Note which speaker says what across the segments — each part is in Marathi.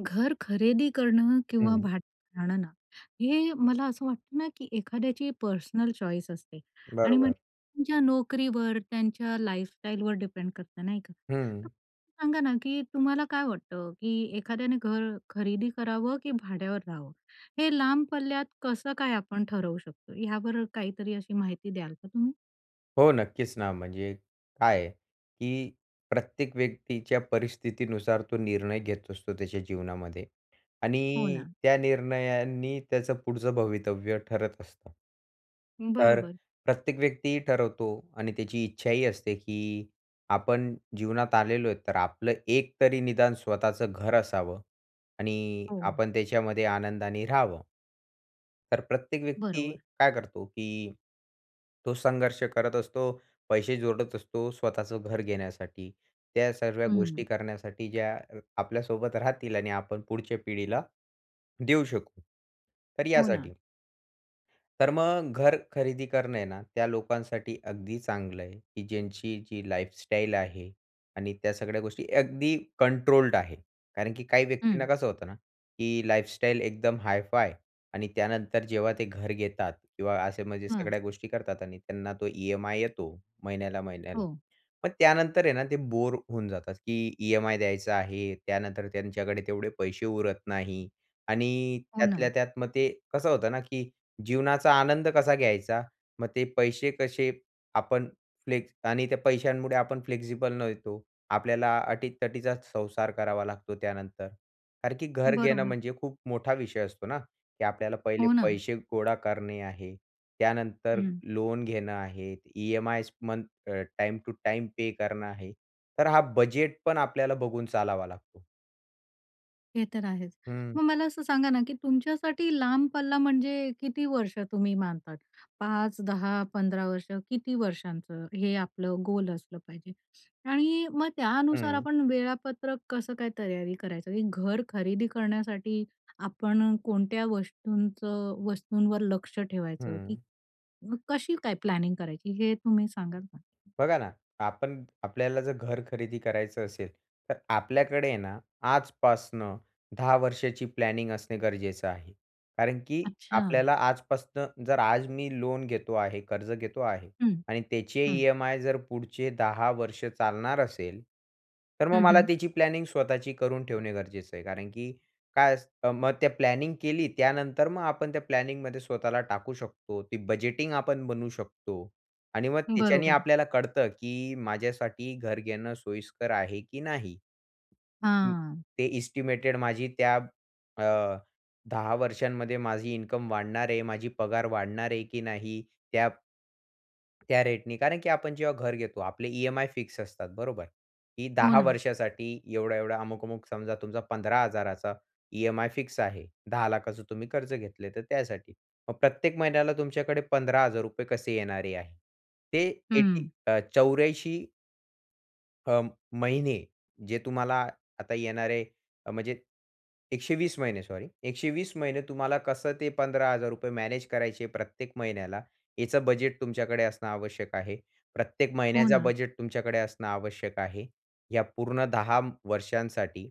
Speaker 1: घर खरेदी करणं किंवा
Speaker 2: हं.
Speaker 1: भाड राहणं. हे मला असं वाटतं ना, की एखाद्याची पर्सनल चॉईस असते. आणि म्हण
Speaker 2: बरोबर.
Speaker 1: ज्या नोकरीवर, त्यांच्या लाईफस्टाईलवर डिपेंड करतं नाही का?
Speaker 2: हं.
Speaker 1: सांगा ना, की तुम्हाला काय वाटतं? की एखाद्याने घर खरेदी करावं की भाड्यावर राहावं? हे लांब पल्ल्यात कसं काय आपण ठरवू शकतो? हयावर काहीतरी अशी माहिती द्याल का तुम्ही?
Speaker 2: हो नक्कीच ना, म्हणजे काय आहे, की प्रत्येक व्यक्तीच्या परिस्थितीनुसार तो निर्णय घेत असतो त्याच्या जीवनामध्ये.
Speaker 1: हो
Speaker 2: आणि
Speaker 1: ना.
Speaker 2: त्या निर्णयांनी त्याचं पुढचं भवितव्य ठरत असतं. तर अ,
Speaker 1: बरोबर.
Speaker 2: प्रत्येक व्यक्तीही ठरवतो आणि त्याची इच्छाही असते, की आपण जीवनात आलेलो आहे, तर आपलं एक तरी निदान स्वतःचं घर असावं. आणि
Speaker 1: हो.
Speaker 2: आपण त्याच्यामध्ये आनंदाने राहावं. तर प्रत्येक व्यक्ती
Speaker 1: बरोबर.
Speaker 2: काय करतो, की तो संघर्ष करत असतो, पैसे जोडत असतो, स्वतःचं घर घेण्यासाठी. त्या सरव्या
Speaker 1: हं.
Speaker 2: गोष्टी करण्यासाठी ज्या अ, आपल्यासोबत राहतील आणि आपण पुढच्या पिढीला देऊ शकू. तर
Speaker 1: हो ना.
Speaker 2: यासाठी. तर मग घर खरेदी करणं आहे ना, त्या लोकांसाठी अगदी चांगलं आहे, की ज्यांची जी लाईफस्टाईल आहे. आणि त्या सगळ्या गोष्टी अगदी कंट्रोल्ड आहे. कारण की काही व्यक्तींना
Speaker 1: हं.
Speaker 2: कसं होतं ना, की लाईफस्टाईल एकदम हायफाय आणि त्यानंतर, जेव्हा ते घर घेतात किंवा असे म्हणजे
Speaker 1: हां.
Speaker 2: सगळ्या गोष्टी करतात आणि त्यांना तो ईएमआय येतो, महिन्याला-महिन्याला.
Speaker 1: हो.
Speaker 2: मग त्यानंतर आहे ना, ते बोर होऊन जातात, की ईएमआय द्यायचा आहे, त्यानंतर त्यांच्याकडे तेवढे पैसे उरत नाही आणि
Speaker 1: हो ना.
Speaker 2: त्यातल्या त्यात मग ते, कसं होतं ना, की जीवनाचा आनंद कसा घ्यायचा? मग ते पैसे कसे आपण फ्लेक्स आणि त्या पैशांमुळे आपण फ्लेक्सिबल नव्हतो आपल्याला अटी-तटीचाच संसार करावा लागतो त्यानंतर. कारण की घर घेणं,
Speaker 1: बरोबर.
Speaker 2: म्हणजे खूप मोठा विषय असतो ना, की आपल्याला पहिले
Speaker 1: हो ना.
Speaker 2: पैसे गोळा करणे आहे, त्यानंतर
Speaker 1: हं.
Speaker 2: लोन घेणं आहे, EMIs month uh, time to time pay करणं आहे. तर हा बजेटपण आपल्याला बघून चालावा लागतो.
Speaker 1: हे तर आहेच.
Speaker 2: हं.
Speaker 1: मग मला असं सांगा ना, की तुमच्यासाठी लांब पल्ला म्हणजे, किती वर्ष तुम्ही मानतात? 5, 10, 15 वर्ष? किती वर्षांचं हे आपलं गोल असलं पाहिजे? आणि मग त्यानुसार
Speaker 2: हं.
Speaker 1: आपण वेळापत्रक कसं काय तयारी करायचं? की घर खरेदी करण्यासाठी आपण कोणत्या वस्तूंचं वस्तूंवर लक्ष ठेवायचं की
Speaker 2: हं.
Speaker 1: कशी काय प्लॅनिंग करायची? हे तुम्ही सांगाल का?
Speaker 2: बघा ना, आपण आपल्याला जर घर खरेदी करायचं असेल, तर आपल्याकडे आहे ना, आजपासनं 10 वर्षाची प्लॅनिंग असणे गरजेचं आहे. कारण की
Speaker 1: अच्छा.
Speaker 2: आपल्याला आजपासनं जर आज मी लोन घेतो आहे, कर्ज घेतो आहे
Speaker 1: हं.
Speaker 2: आणि त्याचे
Speaker 1: हं.
Speaker 2: ईएमआय जर पुढचे 10 वर्ष चालणार असेल. तर मग
Speaker 1: हं,
Speaker 2: मला
Speaker 1: हं.
Speaker 2: त्याची प्लॅनिंग स्वतःची करून ठेवणे गरजेचं आहे, कारण की काय अस मग त्या प्लॅनिंग केली त्यानंतर मग आपण त्या प्लॅनिंगमध्ये स्वतःला टाकू शकतो. ते बजेटिंग आपण बनवू शकतो आणि मग त्याच्याने
Speaker 1: बरोबर.
Speaker 2: आपल्याला कळतं की माझ्यासाठी घर घेणं सोयीस्कर आहे की नाही?
Speaker 1: हां.
Speaker 2: ते एस्टिमेटेड माझी त्या अ, 10 वर्षांमध्ये माझी इन्कम वाढणार आहे, माझी पगार वाढणार आहे की नाही? त्या त्या रेट ने. कारण की आपण जेव्हा घर घेतो आपले ईएमआय फिक्स असतात, बरोबर? की
Speaker 1: हो
Speaker 2: 10
Speaker 1: ना.
Speaker 2: वर्षासाठी एवढा-एवढा, अमुक-अमुक. समजा तुमचा 15000चा ईएमआय फिक्स आहे. 1000000चं तुम्ही कर्ज घेतलं तर त्यासाठी. मग प्रत्येक महिन्याला तुमच्याकडे ₹15000 कसे येणारे आहेत? ते 80
Speaker 1: हं.
Speaker 2: अ, 84 अं, महिने, जे तुम्हाला आता येणारे म्हणजे 120 महिने सॉरी, 120 महिने तुम्हाला कसं ते 15 हजार रुपये मॅनेज करायचे प्रत्येक महिन्याला, याचं बजेट तुमच्याकडे असणं आवश्यक आहे. प्रत्येक
Speaker 1: हो
Speaker 2: महिन्याचा
Speaker 1: ना.
Speaker 2: बजेट तुमच्याकडे असणं आवश्यक आहे. या पूर्ण 10 वर्षांसाठी.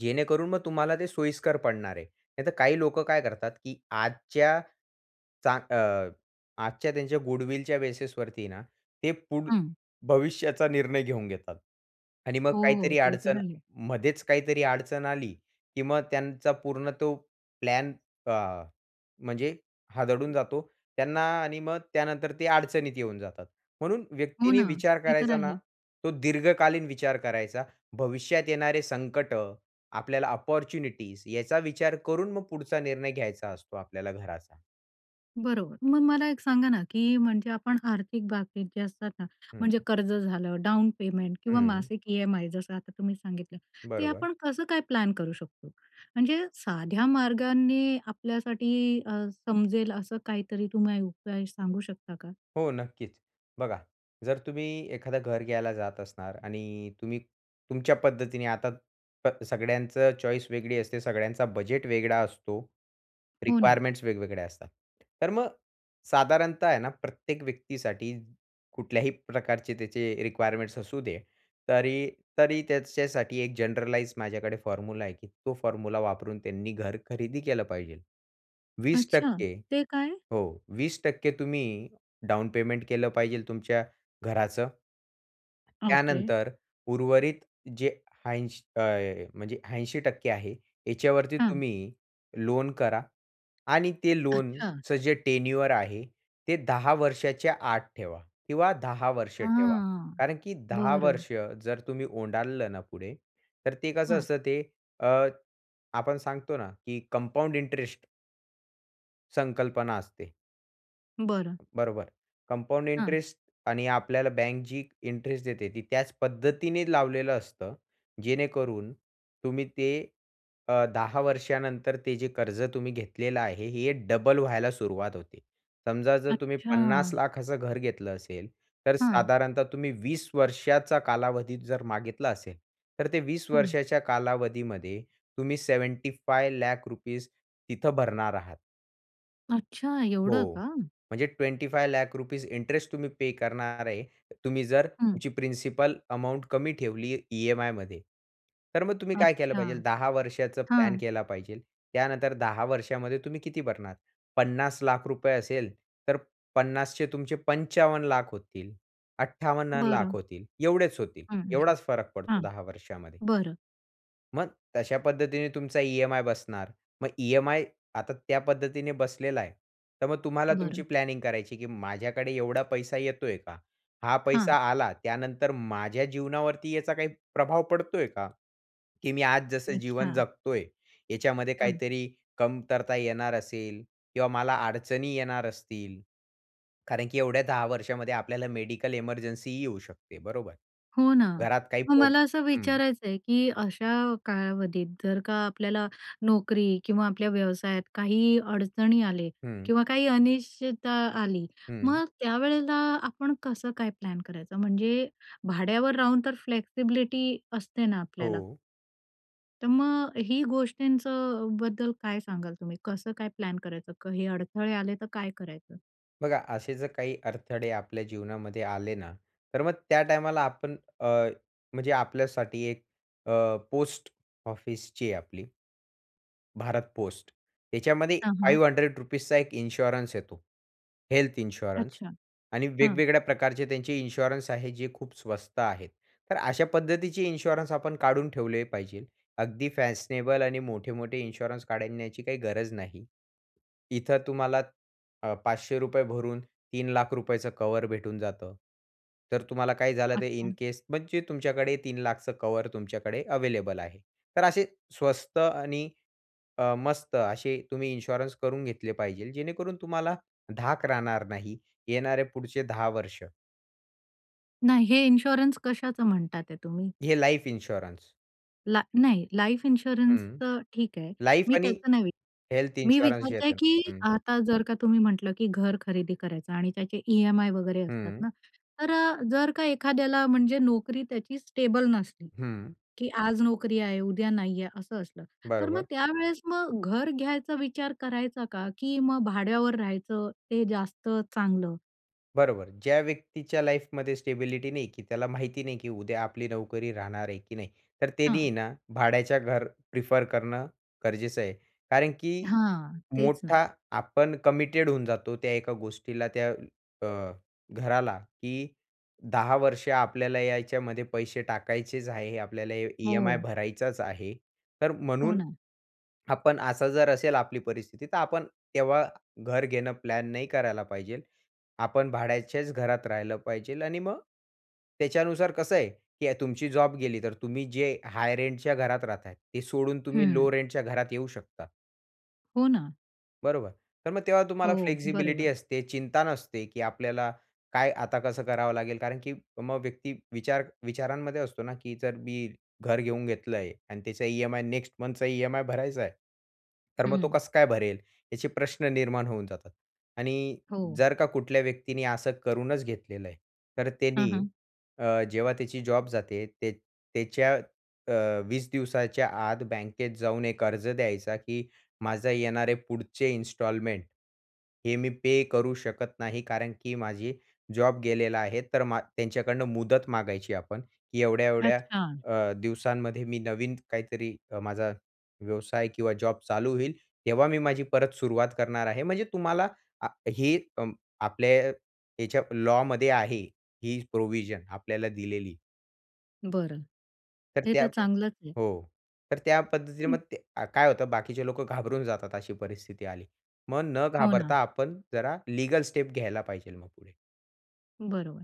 Speaker 2: जेणेकरून मग तुम्हाला ते सोयीस्कर पडणार आहे. नाहीतर काही लोकं काय करतात, की आजच्या, चा अ, आजच्या त्यांच्या गुडविलच्या बेसिस वरती ना, ते पुढ
Speaker 1: हं.
Speaker 2: भविष्याचा निर्णय घेऊन घेतात आणि मग
Speaker 1: हो, हो,
Speaker 2: काहीतरी
Speaker 1: ते तर
Speaker 2: अडचण
Speaker 1: आहे.
Speaker 2: मध्येच काहीतरी अडचण आली, की मग त्यांचा पूर्ण तो प्लॅन अ, म्हणजे हादडून जातो, त्यांना आणि मग त्यानंतर ते अडचणीत येऊन जातात. म्हणून
Speaker 1: हो
Speaker 2: व्यक्तींनी
Speaker 1: ना,
Speaker 2: विचार
Speaker 1: ते तर
Speaker 2: करायचा ना,
Speaker 1: आहे.
Speaker 2: तो दीर्घकालीन विचार करायचा, भविष्यात येणारे संकटं, आपल्याला अपॉर्च्युनिटीज याचा विचार करून मग पुढचा निर्णय घ्यायचा असतो आपल्याला घराचा.
Speaker 1: बरोबर, मग मला एक सांगा ना, की म्हणजे आपण आर्थिक बाबी जे असतात ना, म्हणजे
Speaker 2: हं.
Speaker 1: कर्ज झालं डाउन पेमेंट किंवा
Speaker 2: हं.
Speaker 1: मासिक ई-एम-आय जसं आता तुम्ही सांगितलं, ते
Speaker 2: बरोबर.
Speaker 1: आपण कसं काय प्लॅन करू शकतो? म्हणजे साध्या मार्गांनी आपल्यासाठी अ, समजेल असं काहीतरी तुम्ही उपाय सांगू शकता का?
Speaker 2: हो नक्कीच. बघा, जर तुम्ही एखादं घर घ्यायला जात असणार आणि तुम्ही तुमच्या पद्धतीने आता प सगळ्यांचं चॉईस वेगळी असते, सगळ्यांचा बजेट वेगळा असतो,
Speaker 1: हो ना.
Speaker 2: रिक्वायरमेंट्स वेगवेगळ्या असतात. तर मग साधारणतः आहे ना प्रत्येक व्यक्तीसाठी, कुठल्याही प्रकारचे त्याचे रिक्वायरमेंट्स असू दे, तरी तरी, त्याच्यासाठी एक जनरलाइज माझ्याकडे फॉर्म्युला आहे की तो फॉर्म्युला वापरून त्यांनी घर खरेदी केलं पाहिजेल. 20%
Speaker 1: अच्छा,
Speaker 2: टक्के
Speaker 1: ते काय?
Speaker 2: हो, 20% टक्के तुम्ही डाउन पेमेंट केलं पाहिजेल तुमच्या घराचं.
Speaker 1: ओके.
Speaker 2: त्यानंतर, उर्वरित जे ऐंश अ, म्हणजे 80% टक्के आहे. ह्याच्यावरती
Speaker 1: हं.
Speaker 2: तुम्ही लोन करा, आणि ते
Speaker 1: अच्छा.
Speaker 2: लोनचं जे टेन्युअर आहे ते 10 वर्षाच्या आत ठेवा किंवा 10 वर्ष ठेवा,
Speaker 1: हां,
Speaker 2: कारण की 10
Speaker 1: बरं.
Speaker 2: वर्ष जर तुम्ही ओलांडलं ना पुढे तर ते कसं
Speaker 1: हं.
Speaker 2: असतं ते? अ, आपण सांगतो ना, की कंपाउंड इंटरेस्ट. संकल्पना असते.
Speaker 1: बरं.
Speaker 2: बरोबर. कंपाउंड
Speaker 1: हां.
Speaker 2: इंटरेस्ट आणि आपल्याला बँक जी इंटरेस्ट देते, ती त्याच पद्धतीने लावलेलं असतं, जेणेकरून तुम्ही ते अ, 10 वर्षानंतर ते जे कर्ज तुम्ही घेतलेलं आहे, हे डबल व्हायला सुरुवात होते. समजा जर तुम्ही पन्नास
Speaker 1: अच्छा!
Speaker 2: लाखाचं घर घेतलं असेल, तर
Speaker 1: हं.
Speaker 2: साधारणतः तुम्ही 20 वर्षाचा कालावधी जर मागितला असेल, तर ते 20
Speaker 1: हं.
Speaker 2: वर्षाच्या कालावधीमध्ये तुम्ही ₹75 लाख तिथं भरणार आहात.
Speaker 1: अच्छा, एवढं
Speaker 2: हो.
Speaker 1: का?
Speaker 2: म्हणजे ₹25 लाख तुम्ही पे करणार आहे. तुम्ही जर
Speaker 1: हं.
Speaker 2: तुमची प्रिन्सिपल अमाउंट कमी ठेवली ई-एम-आय मध्ये, तर मग तुम्ही काय केलं
Speaker 1: अच्छा.
Speaker 2: पाहिजे? 10 वर्षाचा प्लॅन
Speaker 1: हं.
Speaker 2: केला पाहिजे. त्यानंतर 10 वर्षामध्ये तुम्ही किती भरणार? ₹50 लाख असेल, तर पन्नासचे तुमचे ₹55 लाख होतील, ₹58 लाख
Speaker 1: बरं.
Speaker 2: होतील, एवढेच होतील.
Speaker 1: हं,
Speaker 2: एवढाच फरक पडतो
Speaker 1: हां.
Speaker 2: 10 वर्षामध्ये.
Speaker 1: बरं.
Speaker 2: मग तशा पद्धतीने तुमचा ई-एम-आय बसणार. मग ई-एम-आय आता त्या पद्धतीने बसलेला आहे, तर मग तुम्हाला तुमची
Speaker 1: बरं.
Speaker 2: प्लॅनिंग करायची, की माझ्याकडे एवढा पैसा येतोय का? हा पैसा
Speaker 1: हां.
Speaker 2: आला, त्यानंतर माझ्या जीवनावरती याचा काही प्रभाव पडतोय का? की मी आज जसं जीवन
Speaker 1: अच्छा.
Speaker 2: जगतोय, याच्यामध्ये
Speaker 1: हं.
Speaker 2: काहीतरी कमतरता येणार असेल, किंवा मला अडचणी येणार असतील, कारण की एवढ्या 10 वर्षामध्ये आपल्याला मेडिकल इमर्जन्सीही येऊ शकते, बरोबर?
Speaker 1: हो ना.
Speaker 2: घरात काही
Speaker 1: मग
Speaker 2: प्रो
Speaker 1: मला असं
Speaker 2: हं.
Speaker 1: विचारायचं आहे की अशा कालावधीत जर का आपल्याला नोकरी किंवा आपल्या व्यवसायात काही अडचणी आले,
Speaker 2: हं.
Speaker 1: किंवा काही अनिश्चितता आली,
Speaker 2: हं.
Speaker 1: मग त्यावेळेला आपण कसं काय प्लॅन करायचं? म्हणजे भाड्यावर राहून तर फ्लेक्सिबिलिटी असते ना आपल्याला.
Speaker 2: हो.
Speaker 1: तर मग ही गोष्टींचं अ, बद्दल काय सांगाल तुम्ही? कसं काय प्लॅन करायचं? क, हे अडथळे आले तर काय करायचं?
Speaker 2: बघा, असे जर काही अडथळे आपल्या जीवनामध्ये आले ना, तर मग त्या टाईमाला आपण अ, म्हणजे आपल्यासाठी एक अ, पोस्ट ऑफिस जी आहे आपली भारत पोस्ट, याच्यामध्ये
Speaker 1: हां, हां.
Speaker 2: ₹500 एक इन्शुरन्स येतो हेल्थ इन्शुरन्स.
Speaker 1: अच्छा.
Speaker 2: आणि
Speaker 1: हां.
Speaker 2: वेगवेगळ्या प्रकारचे त्यांचे इन्शुरन्स आहेत, जे खूप स्वस्त आहेत. तर अशा पद्धतीचे इन्शुरन्स आपण काढून ठेवले पाहिजे. अगदी फॅशनेबल आणि मोठे-मोठे इन्शुरन्स काढण्याची काही गरज नाही. इथं तुम्हाला अ, ₹500 भरून, ₹3,00,000 कव्हर भेटून जातं. तर तुम्हाला काही झालं तर इन
Speaker 1: अच्छा.
Speaker 2: केस म्हणजे तुमच्याकडे ₹3,00,000 कव्हर तुमच्याकडे अव्हेलेबल आहे. तर असे स्वस्त आणि अ, मस्त असे तुम्ही इन्शुरन्स करून घेतले पाहिजे, जेणेकरून तुम्हाला धाक राहणार नाही, येणारे पुढचे 10 वर्ष.
Speaker 1: नाही. हे इन्शुरन्स कशाचं म्हणतात आहे तुम्ही?
Speaker 2: हे लाईफ इन्शुरन्स.
Speaker 1: ला नाही. लाईफ
Speaker 2: हं.
Speaker 1: इन्शुरन्सचं ठीक आहे.
Speaker 2: लाईफ
Speaker 1: मी
Speaker 2: आणि
Speaker 1: त्याचं नाही विचारत
Speaker 2: हेल्थ
Speaker 1: आहे, मी
Speaker 2: इन्शुरन्स जे
Speaker 1: विचारते
Speaker 2: येतं
Speaker 1: की
Speaker 2: हं.
Speaker 1: आता जर का तुम्ही म्हटलं की घर खरेदी करायचं आणि त्याचे ईएमआय वगैरे असतात
Speaker 2: हं.
Speaker 1: ना, तर अ, जर का एखाद्याला, म्हणजे नोकरी त्याची स्टेबल नसली,
Speaker 2: हं.
Speaker 1: की आज नोकरी आहे, उद्या नाही आहे असं असलं. तर मग
Speaker 2: बरोबर.
Speaker 1: त्यावेळेस मग घर घ्यायचा विचार करायचा का? की मग भाड्यावर राहायचं ते जास्त चांगलं?
Speaker 2: बरोबर, ज्या व्यक्तीच्या लाईफमध्ये स्टेबिलिटी नाही, की त्याला माहिती नाही, की उद्या आपली नोकरी राहणार आहे की नाही. तर
Speaker 1: हां.
Speaker 2: त्यानी ना भाड्याच्या घर प्रिफर करणं गरजेचं आहे. कारण की
Speaker 1: हां, तेच ना.
Speaker 2: मोठा आपण कमिटेड होऊन जातो त्या एका गोष्टीला, त्या अ, घराला, की 10 वर्ष आपल्याला यायच्यामध्ये पैसे टाकायचेच आहे, आपल्याला ई ईएमआय
Speaker 1: हो.
Speaker 2: भरायचाच आहे. तर
Speaker 1: हो
Speaker 2: म्हणून
Speaker 1: ना.
Speaker 2: आपण असा जर असेल आपली परिस्थिती तर आपण तेव्हा घर घेणं प्लॅन नाही करायला पाहिजे. आपण भाड्याच्याच घरात राहायला पाहिजे आणि मग त्याच्यानुसार कसं आहे, की तुमची जॉब गेली, तर तुम्ही जे हाय रेंटच्या घरात राहताय, ते सोडून तुम्ही
Speaker 1: हं.
Speaker 2: लो रेंटच्या घरात येऊ शकता.
Speaker 1: हो ना.
Speaker 2: बरोबर, तर मग तेव्हा तुम्हाला
Speaker 1: हो,
Speaker 2: फ्लेक्सिबिलिटी
Speaker 1: बरोबर.
Speaker 2: असते, चिंता नसते, की आपल्याला काय आता कसं करावं लागेल. कारण की मग व्यक्ती विचार विचारांमध्ये असतो ना, की जर मी घर घेऊन घेतलंय आणि त्याचा ईएमआय, नेक्स्ट मंथचा ईएमआय भरायचा आहे तर मग तो
Speaker 1: हं.
Speaker 2: कसं काय भरेल? याचे प्रश्न निर्माण होऊन जातात आणि
Speaker 1: हो.
Speaker 2: जर का कुठल्या व्यक्तीने असं करूनच घेतलेलं आहे तर
Speaker 1: हं,
Speaker 2: त्यांनी
Speaker 1: हं.
Speaker 2: अ, जेव्हा त्याची जॉब जाते, ते त्याच्या अ, 20 दिवसाच्या आत बँकेत जाऊन एक अर्ज द्यायचा, की माझं येणारे पुढचे इन्स्टॉलमेंट, हे मी पे करू शकत नाही. कारण की माझी जॉब गेलेला आहे. तर मा त्यांच्याकडनं मुदत मागायची आपण, की एवढ्या-एवढ्या
Speaker 1: अच्छा.
Speaker 2: अ, दिवसांमध्ये मी नवीन काहीतरी अ, माझा व्यवसाय किंवा जॉब चालू होईल, तेव्हा मी माझी परत सुरुवात करणार आहे. म्हणजे तुम्हाला आ हे अ, आपल्या याच्या लॉमध्ये आहे, ही प्रोव्हिजन आपल्याला दिलेली.
Speaker 1: बरं.
Speaker 2: तर
Speaker 1: हे
Speaker 2: त्या
Speaker 1: तर चांगलंच आहे.
Speaker 2: हो, तर त्या पद्धतीने
Speaker 1: हं.
Speaker 2: मग अ, काय होतं, बाकीचे लोकं घाबरून जातात, अशी परिस्थिती आली. मग न
Speaker 1: हो
Speaker 2: घाबरता
Speaker 1: ना.
Speaker 2: आपण जरा लीगल स्टेप घ्यायला पाहिजे मग पुढे.
Speaker 1: बरोबर,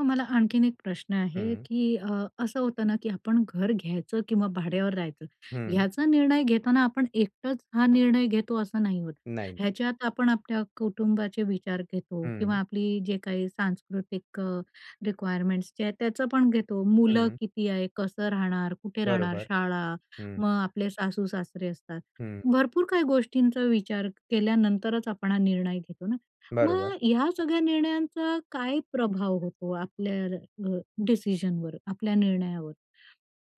Speaker 1: मग मला आणखीन एक प्रश्न आहे,
Speaker 2: हम्म.
Speaker 1: की अ, असं होतं ना, की आपण घर घ्यायचं किंवा भाड्यावर राहायचं,
Speaker 2: हं.
Speaker 1: याचा निर्णय घेताना आपण एकटंच हा निर्णय घेतो असं नाही होतं.
Speaker 2: नाही.
Speaker 1: ह्याच्यात आपण आपल्या कुटुंबाचे विचार घेतो किंवा
Speaker 2: हं.
Speaker 1: आपली जे काही सांस्कृतिक रिक्वायरमेंट्स जे आहेत, त्याचं पण घेतो. मुलं
Speaker 2: हं.
Speaker 1: किती आहे, कसं राहणार, कुठे राहणार,
Speaker 2: बरोबर,
Speaker 1: शाळा,
Speaker 2: हं.
Speaker 1: मग आपले सासू-सासरे असतात,
Speaker 2: हं.
Speaker 1: भरपूर काही गोष्टींचा विचार केल्यानंतरच आपण हा निर्णय घेतो ना.
Speaker 2: बरोबर.
Speaker 1: मग या सगळ्या निर्णयांचा काय प्रभाव होतो आपल्या अ, डिसिजनवर, आपल्या निर्णयावर,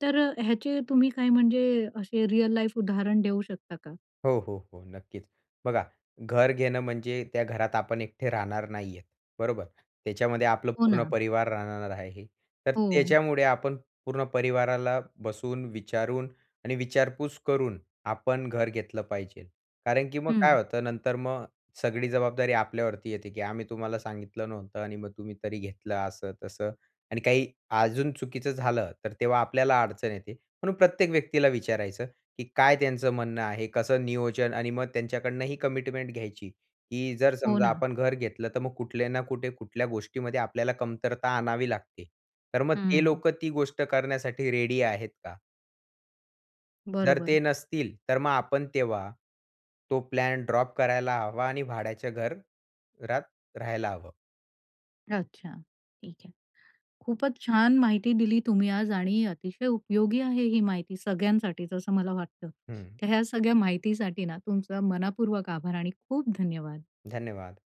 Speaker 1: तर ह्याचे तुम्ही काय, म्हणजे असे रिअल लाईफ उदाहरण देऊ शकता का?
Speaker 2: हो, हो, हो, नक्कीच. बघा, घर घेणं म्हणजे त्या घरात आपण एकटे राहणार नाही आहेत, बरोबर, त्याच्यामध्ये आपलं
Speaker 1: हो
Speaker 2: पूर्ण
Speaker 1: ना.
Speaker 2: परिवार राहणार आहे. तर
Speaker 1: हो.
Speaker 2: त्याच्यामुळे आपण पूर्ण परिवाराला बसून, विचारून आणि विचारपूस करून आपण घर घेतलं पाहिजे, कारण की मग काय
Speaker 1: हं.
Speaker 2: होतं, नंतर मग सगळी जबाबदारी आपल्यावरती येते, की आम्ही तुम्हाला सांगितलं नव्हतं आणि मग तुम्ही तरी घेतलं, असं-तसं. आणि काही अजून चुकीचं झालं, तर तेव्हा आपल्याला अडचण येते, म्हणून प्रत्येक व्यक्तीला विचारायचं, की काय त्यांचं म्हणणं आहे, कसं नियोजन आणि मग त्यांच्याकडनं ही कमिटमेंट घ्यायची, की जर
Speaker 1: हो
Speaker 2: समजा
Speaker 1: ना.
Speaker 2: आपण घर घेतलं, तर मग कुठल्या ना कुठे, कुठल्या गोष्टीमध्ये आपल्याला कमतरता आणावी लागते, तर मग ते
Speaker 1: हं.
Speaker 2: लोकं ती गोष्ट करण्यासाठी रेडी आहेत का? जर
Speaker 1: बरोबर.
Speaker 2: ते नसतील, तर मग आपण तेव्हा तो प्लॅन ड्रॉप करायला हवा आणि भाड्याच्या घर घरात राहायला हवं.
Speaker 1: अच्छा, ठीक आहे. खूपच छान माहिती दिली तुम्ही आज आणि अतिशय उपयोगी आहे ही माहिती सगळ्यांसाठीच, असं मला वाटतं.
Speaker 2: हं.
Speaker 1: तर ह्या सगळ्या माहितीसाठी ना, तुमचा मनःपूर्वक आभार आणि खूप धन्यवाद.
Speaker 2: धन्यवाद.